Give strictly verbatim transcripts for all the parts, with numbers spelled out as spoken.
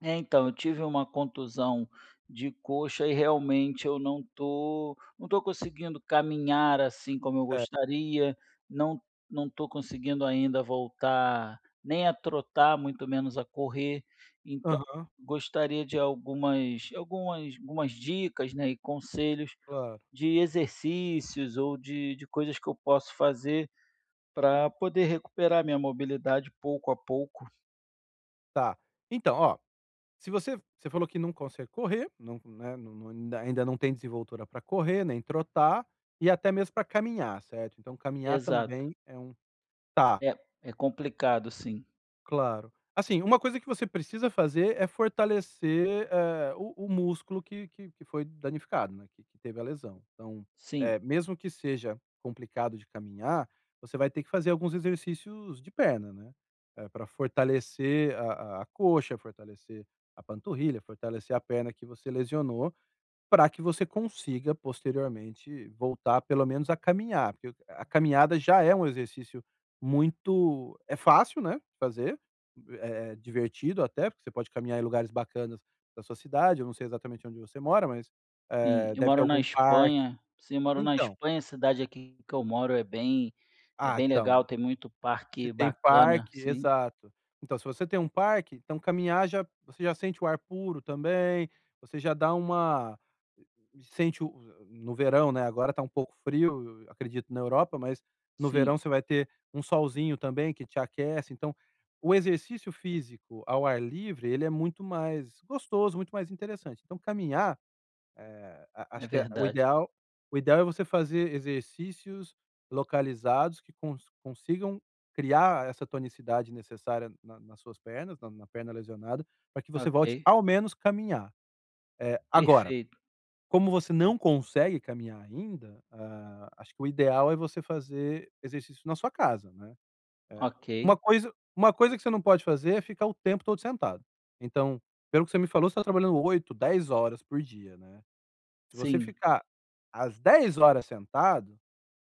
É então, eu tive uma contusão de coxa e realmente eu não estou não estou conseguindo caminhar assim como eu É. gostaria, não não estou conseguindo ainda voltar nem a trotar, muito menos a correr. Então, Aham. gostaria de algumas algumas algumas dicas, né, e conselhos Claro. de exercícios ou de de coisas que eu posso fazer, para poder recuperar a minha mobilidade pouco a pouco. Está, então, ó, se você você falou que não consegue correr, não, né, não ainda não tem desenvoltura para correr, nem trotar, e até mesmo para caminhar, certo? Então caminhar Exato. também é um tá. É, é complicado, sim. Claro, assim, uma coisa que você precisa fazer é fortalecer, eh, o o músculo que que que foi danificado, né, que que teve a lesão. Então, Sim. eh, mesmo que seja complicado de caminhar, você vai ter que fazer alguns exercícios de perna, né, eh, pra fortalecer a a coxa, fortalecer a panturrilha, fortalecer a perna que você lesionou, pra que você consiga posteriormente voltar pelo menos a caminhar. Porque, a caminhada já é um exercício muito é fácil, né, de fazer, é divertido até, porque você pode caminhar em lugares bacanas da sua cidade, eu não sei exatamente onde você mora, mas, Sim, eh, eu deve ter moro na algum parque. Espanha, sim moro na Então Espanha, a cidade aqui que eu moro é bem é Ah, bem legal, então, tem muito se parque tem bacana parque sim. exato, então se você tem um parque, então caminhar já você já sente o ar puro também, você já dá uma sente no verão, agora está um pouco frio, acredito na Europa, mas no verão Sim. você vai ter um solzinho também que te aquece. Então, o exercício físico ao ar livre, ele é muito mais gostoso, muito mais interessante. Então caminhar, eh, a É acho que o verdade. ideal o ideal é você fazer exercícios localizados que com que consigam criar essa tonicidade necessária na nas suas pernas, na na perna lesionada, para que você volte Ok. ao menos caminhar. Eh, agora, Perfeito. como você não consegue caminhar ainda, hã, acho que o ideal é você fazer exercício na sua casa, né. Uma Ok. coisa uma coisa que você não pode fazer é ficar o tempo todo sentado. Então, pelo que você me falou, você tá trabalhando oito, dez horas por dia, né. Se você Sim. ficar as dez horas sentado,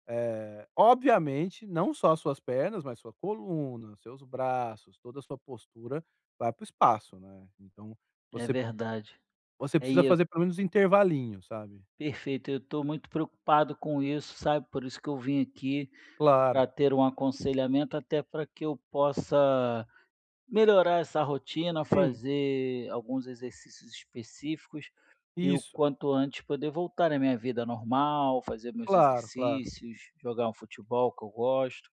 eh, obviamente não só as suas pernas, mas sua coluna, seus braços, toda a sua postura, vai para o espaço, né. Então É você p verdade. você É e precisa eu fazer pelo menos um intervalinho, sabe? Perfeito, eu estou muito preocupado com isso, sabe? Por isso que eu vim aqui para Claro. ter um aconselhamento, até para que eu possa melhorar essa rotina, Sim. fazer alguns exercícios específicos, e o Isso. quanto antes poder voltar à minha vida normal, fazer meus Claro, claro. exercícios, jogar um futebol que eu gosto.